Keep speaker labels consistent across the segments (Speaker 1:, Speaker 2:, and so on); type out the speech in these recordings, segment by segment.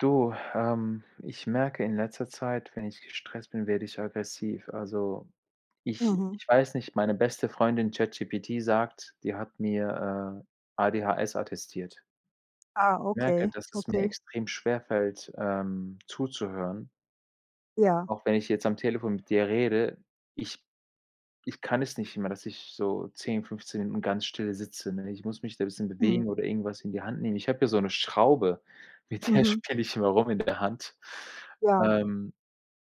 Speaker 1: Du, ähm, ich merke in letzter Zeit, wenn ich gestresst bin, werde ich aggressiv. Also, ich
Speaker 2: Mhm.
Speaker 1: ich weiß nicht, meine beste Freundin ChatGPT sagt die hat mir, äh, ADHS attestiert.
Speaker 2: Ah,
Speaker 1: Merke,
Speaker 2: okay,
Speaker 1: dass es mir
Speaker 2: okay.
Speaker 1: extrem schwerfällt, ähm, zuzuhören.
Speaker 2: Ja.
Speaker 1: Auch wenn ich jetzt am Telefon mit dir rede, ich ich kann es nicht immer, dass ich so 10, 15 Minuten ganz still sitze, ne? Ich muss mich da 'n bisschen
Speaker 2: Mhm.
Speaker 1: bewegen oder irgendwas in die Hand nehmen. Ich habe hier so 'ne Schraube, mit der
Speaker 2: Mhm.
Speaker 1: spiele ich immer rum in der Hand.
Speaker 2: Ja.
Speaker 1: Ähm,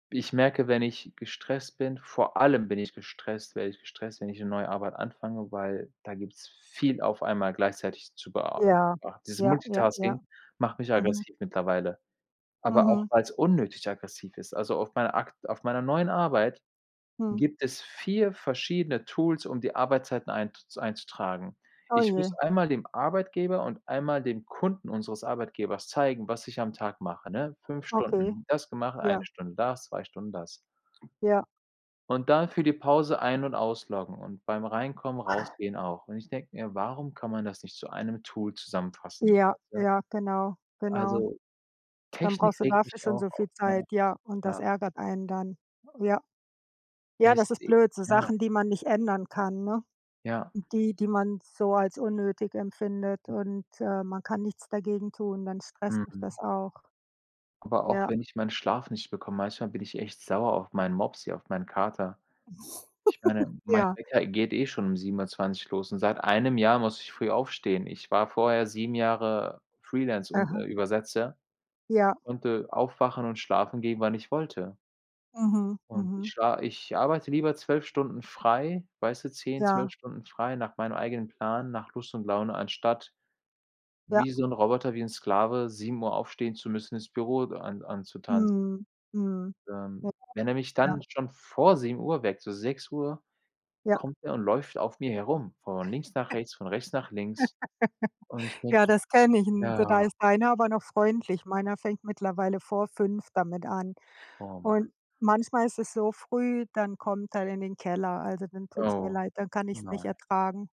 Speaker 1: ich merke, wenn ich gestresst bin vor allem bin ich gestresst werde ich gestresst, wenn ich 'ne neue Arbeit anfange, weil da gibt's viel auf einmal gleichzeitig zu bea
Speaker 2: Ja,
Speaker 1: be Dieses
Speaker 2: ja, ja, ja.
Speaker 1: Multitasking macht mich
Speaker 2: Mhm.
Speaker 1: aggressiv mittlerweile. Aber auch,
Speaker 2: Mhm.
Speaker 1: weil's unnötig aggressiv ist. Also auf meiner akt auf meiner neuen Arbeit
Speaker 2: Hm.
Speaker 1: gibt es 4 verschiedene Tools, um die Arbeitszeiten einzu einzutragen.
Speaker 2: Oh
Speaker 1: Ich muss
Speaker 2: je.
Speaker 1: einmal dem Arbeitgeber und einmal dem Kunden unseres Arbeitgebers zeigen, was ich am Tag mache, ne? 5
Speaker 2: Okay.
Speaker 1: Stunden das gemacht, 1
Speaker 2: Ja.
Speaker 1: Stunde das, 2 Stunden das.
Speaker 2: Ja.
Speaker 1: Und dann für die Pause ein und ausloggen und beim Reinkommen, Rausgehen auch. Und ich denke mir: „Warum kann man das nicht zu 1 zusammenfassen?"
Speaker 2: Ja,
Speaker 1: Weißt du?
Speaker 2: ja, genau, genau.
Speaker 1: Also,
Speaker 2: Dann
Speaker 1: Technik
Speaker 2: brauchst du
Speaker 1: regt
Speaker 2: dafür
Speaker 1: mich
Speaker 2: schon
Speaker 1: auch
Speaker 2: so
Speaker 1: auf,
Speaker 2: viel
Speaker 1: ja.
Speaker 2: Zeit, ja, und das
Speaker 1: Ja.
Speaker 2: ärgert einen dann. Ja. Ja,
Speaker 1: Echt,
Speaker 2: das ist
Speaker 1: i
Speaker 2: blöd, so
Speaker 1: ja.
Speaker 2: Sachen, die man nicht ändern kann, ne?
Speaker 1: Ja.
Speaker 2: Die, die man so als unnötig empfindet, und, äh, man kann nichts dagegen tun. Dann stresst dich das
Speaker 1: Mhm.
Speaker 2: auch.
Speaker 1: Aber auch
Speaker 2: Ja.
Speaker 1: wenn ich meinen Schlaf nicht bekomme manchmal bin ich echt sauer auf meinen Mopsi, auf meinen Kater. Ich meine, mein
Speaker 2: Ja.
Speaker 1: Wecker geht eh schon um 7:20 los und seit 1 Jahr muss ich früh aufstehen. Ich war vorher 7 Jahre Freelance und,
Speaker 2: Aha.
Speaker 1: äh, Übersetzer
Speaker 2: Ja.
Speaker 1: konnte aufwachen und schlafen gehen, wann ich wollte.
Speaker 2: Mhm,
Speaker 1: Und ich
Speaker 2: mhm.
Speaker 1: schla ich arbeite lieber 12 Stunden frei weißt du, 10, 12
Speaker 2: Ja.
Speaker 1: Stunden frei nach meinem eigenen Plan, nach Lust und Laune, anstatt
Speaker 2: Ja.
Speaker 1: wie so 'n Roboter, wie 'n Sklave, 7:00 aufstehen zu müssen, ins Büro an anzutanzen.
Speaker 2: Mhm, mhm.
Speaker 1: Ähm, wenn er
Speaker 2: [unintelligible]
Speaker 1: mich
Speaker 2: Ja.
Speaker 1: dann schon vor 7:00 weckt so 6:00
Speaker 2: Ja.
Speaker 1: kommt er und läuft auf mir herum, von links nach rechts, von rechts nach links, und ich denke
Speaker 2: Ja, das kenne ich
Speaker 1: mir:
Speaker 2: n da
Speaker 1: „Ja."
Speaker 2: ist deiner aber noch freundlich. Meiner fängt mittlerweile vor 5:00 damit an
Speaker 1: Oh, Mann.
Speaker 2: und manchmal ist es so früh, dann kommt er in den Keller. Also, dann tut's mir
Speaker 1: Oh,
Speaker 2: leid, dann kann ich's nicht
Speaker 1: nein.
Speaker 2: ertragen.